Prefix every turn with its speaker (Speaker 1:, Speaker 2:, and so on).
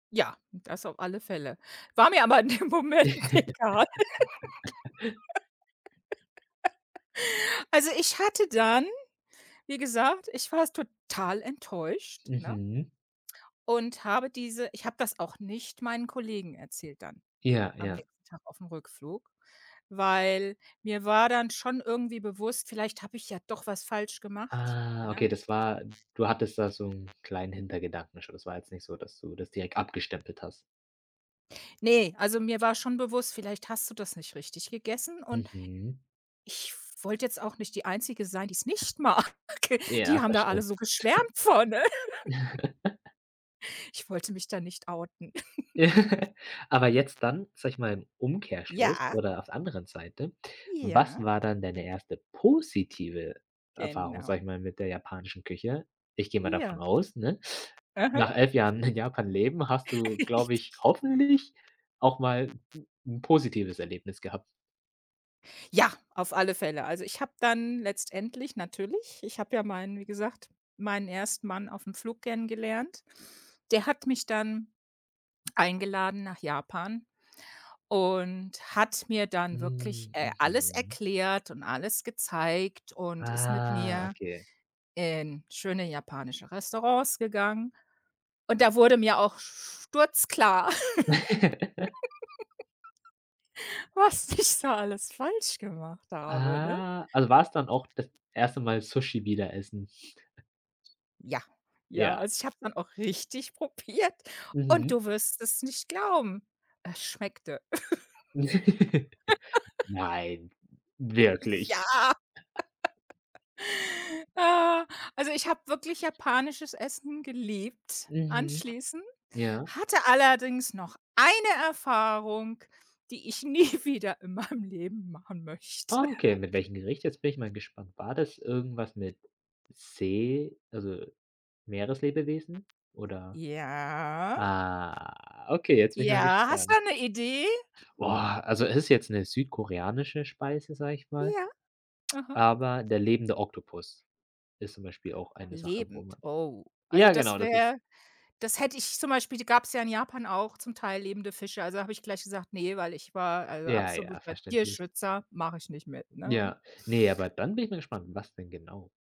Speaker 1: Ja, das auf alle Fälle. War mir aber in dem Moment egal. Also ich hatte dann, wie gesagt ich war s total enttäuscht, ne?
Speaker 2: Mhm.
Speaker 1: Und habe diese ich habe das auch nicht meinen Kollegen erzählt dann.
Speaker 2: Ja,
Speaker 1: Am
Speaker 2: ja.
Speaker 1: nächsten Tag aufm Rückflug, weil mir war dann schon irgendwie bewusst: „Vielleicht habe ich ja doch was falsch gemacht",
Speaker 2: Ah,
Speaker 1: ne?
Speaker 2: okay, das war du hattest da so 'n kleinen Hintergedanken schon. Das war jetzt nicht so, dass du das direkt abgestempelt hast?
Speaker 1: Ne, also mir war schon bewusst, vielleicht hast du das nicht richtig gegessen und
Speaker 2: Mhm.
Speaker 1: ich wollte jetzt auch nicht die Einzige sein, die es nicht mag. Die
Speaker 2: Ja,
Speaker 1: haben da alle
Speaker 2: verständlich.
Speaker 1: so geschwärmt von. Ich wollte mich da nicht outen.
Speaker 2: Aber jetzt dann, sage ich mal, im Umkehrschluss
Speaker 1: Ja.
Speaker 2: oder auf anderen Seite. Was
Speaker 1: Ja.
Speaker 2: war dann deine erste positive Erfahrung,
Speaker 1: Genau.
Speaker 2: sage ich mal, mit der japanischen Küche? Ich gehe mal davon
Speaker 1: Ja.
Speaker 2: aus, ne,
Speaker 1: Aha.
Speaker 2: nach 11 Jahren in Japan leben hast du, glaube
Speaker 1: Richtig.
Speaker 2: ich, hoffentlich, auch mal 'n 'n positives Erlebnis gehabt?
Speaker 1: Ja, auf alle Fälle. Also ich habe dann letztendlich natürlich ich habe ja meinen wie gesagt, meinen ersten Mann aufm Flug kennengelernt. Der hat mich dann, eingeladen nach Japan und hat mir dann wirklich,
Speaker 2: Hm,
Speaker 1: äh, alles
Speaker 2: mhm.
Speaker 1: erklärt und alles gezeigt und ist mit
Speaker 2: Ah,
Speaker 1: mir
Speaker 2: okay.
Speaker 1: in schöne japanische Restaurants gegangen. Und da wurde mir auch sturzklar, was ich da alles falsch gemacht habe, ne?
Speaker 2: Ah. Also war's dann auch das erste Mal Sushi wieder essen?
Speaker 1: Ja. Ja,
Speaker 2: Ja.
Speaker 1: also ich habe dann auch richtig probiert und
Speaker 2: Mhm.
Speaker 1: du wirst es nicht glauben. Es schmeckte.
Speaker 2: Nein,
Speaker 1: Ja.
Speaker 2: wirklich.
Speaker 1: Ah, also ich habe wirklich japanisches Essen geliebt
Speaker 2: Mhm,
Speaker 1: anschließend,
Speaker 2: ja.
Speaker 1: hatte allerdings noch eine Erfahrung, die ich nie wieder in meinem Leben machen möchte.
Speaker 2: Ah, okay. Mit welchem Gericht? Jetzt bin ich mal gespannt. War das irgendwas mit See also, Meereslebewesen oder?
Speaker 1: Ja.
Speaker 2: Ah, okay, jetzt bin ich mal
Speaker 1: Ja, hast du
Speaker 2: gespannt.
Speaker 1: da 'ne Idee?
Speaker 2: Boah, also es ist jetzt 'ne südkoreanische Speise, sage ich mal,
Speaker 1: Ja, aha.
Speaker 2: aber der lebende Oktopus. Ist zum Beispiel auch eine Sache, wo
Speaker 1: Lebend,
Speaker 2: man
Speaker 1: oh. Also
Speaker 2: ja,
Speaker 1: das
Speaker 2: genau, das ist
Speaker 1: wäre das hätte ich zum Beispiel die gab's ja in Japan auch zum Teil lebende Fische. Also da habe ich gleich gesagt: „Ne.“ Weil ich war, also
Speaker 2: Ja, ja,
Speaker 1: absoluter
Speaker 2: verständlich.
Speaker 1: Tierschützer, mache ich nicht mit, ne?
Speaker 2: Ja, ne, aber dann bin ich mal gespannt, was denn genau?